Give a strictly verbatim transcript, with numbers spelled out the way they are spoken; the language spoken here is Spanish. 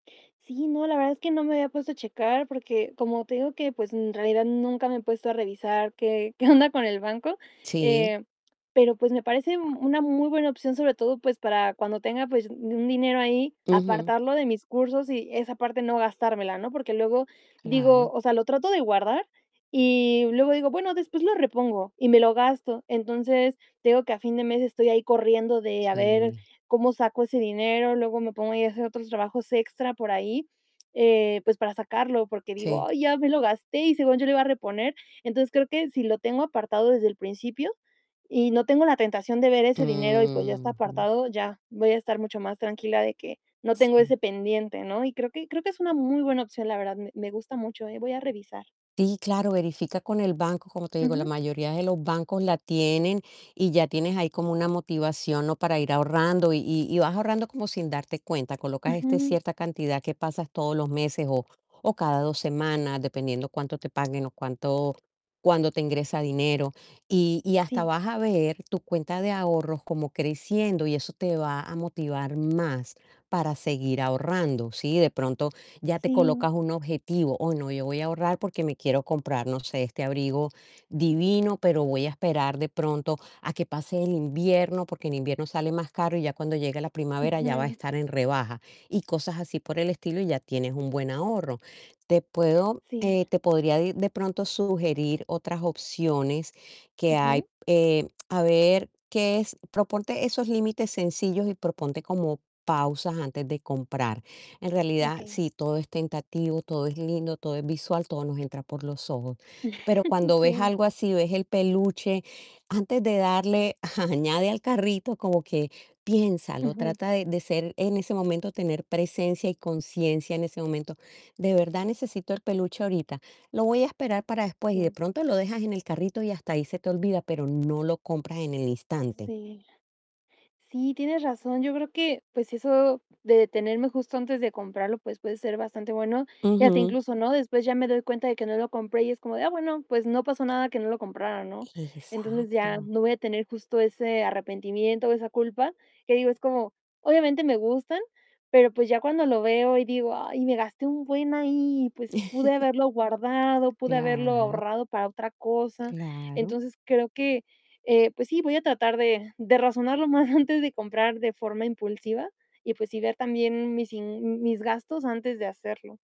Sí, no, la verdad es que no me había puesto a checar, porque como te digo que, pues, en realidad nunca me he puesto a revisar qué qué onda con el banco. Sí. Eh, pero, pues, me parece una muy buena opción, sobre todo, pues, para cuando tenga, pues, un dinero ahí, Ujú. apartarlo de mis cursos y esa parte no gastármela, ¿no? Porque luego digo, Claro. o sea, lo trato de guardar y luego digo: "Bueno, después lo repongo", y me lo gasto. Entonces, te digo que a fin de mes estoy ahí corriendo de a ver Sí. cómo saco ese dinero. Luego me pongo a hacer otros trabajos extra por ahí, eh, pues, para sacarlo, porque digo: Sí. "Ay, ya me lo gasté y según yo lo iba a reponer". Entonces, creo que si lo tengo apartado desde el principio y no tengo la tentación de ver ese dinero y, pues, ya está Mm. Ujú. apartado, ya voy a estar mucho más tranquila de que no tengo Sí. ese pendiente, ¿no? Y creo que creo que es una muy buena opción, la verdad. Me me gusta mucho, ¿eh? Voy a revisar. Sí, claro, verifica con el banco, como te digo, la Ujú. mayoría de los bancos la tienen y ya tienes ahí como una motivación, ¿no? Para ir ahorrando y y vas ahorrando como sin darte cuenta. Colocas este Ujú. cierta cantidad que pasas todos los meses, o o cada dos semanas, dependiendo cuánto te paguen o cuánto cuándo te ingresa dinero. Y y hasta Sí. vas a ver tu cuenta de ahorros como creciendo y eso te va a motivar más para seguir ahorrando. Sí, de pronto ya te colocas Sí. un objetivo: "Oh, no, yo voy a ahorrar porque me quiero comprar, no sé, este abrigo divino, pero voy a esperar de pronto a que pase el invierno, porque en invierno sale más caro y ya cuando llegue la primavera ya va a Ujú. estar en rebaja". Y cosas así por el estilo y ya tienes un buen ahorro. Te puedo, Sí. eh, te podría de de pronto sugerir otras opciones que hay, Ujú. eh, a ver, que es Proponte esos límites sencillos y proponte como pausas antes de comprar. En realidad, Okey. sí, todo es tentativo, todo es lindo, todo es visual, todo nos entra por los ojos. Pero cuando ves Sí. algo así, ves el peluche, antes de darle añade al carrito, como que piénsalo, Ujú. trata de de ser en ese momento, tener presencia y conciencia en ese momento, ¿de verdad necesito el peluche ahorita? Lo voy a esperar para después y de Sí. pronto lo dejas en el carrito y hasta ahí se te olvida, pero no lo compras en el instante. Sí, la Sí, tienes razón. Yo creo que, pues, eso de detenerme justo antes de comprarlo, pues puede ser bastante bueno y hasta Ujú. incluso, ¿no? Después ya me doy cuenta de que no lo compré y es como de: "Ah, bueno, pues, no pasó nada que no lo comprara", ¿no? Entonces, ya Exacto. no voy a tener justo ese arrepentimiento o esa culpa que digo, es como obviamente me gustan, pero, pues, ya cuando lo veo y digo: "Ay, me gasté un buen ahí, pues, pude haberlo guardado, pude haberlo Claro. ahorrado para otra cosa". Claro. Entonces, creo que, eh, pues sí, voy a tratar de de razonar lo más antes de comprar de forma impulsiva y, pues sí, ver también mis in mis gastos antes de hacerlo.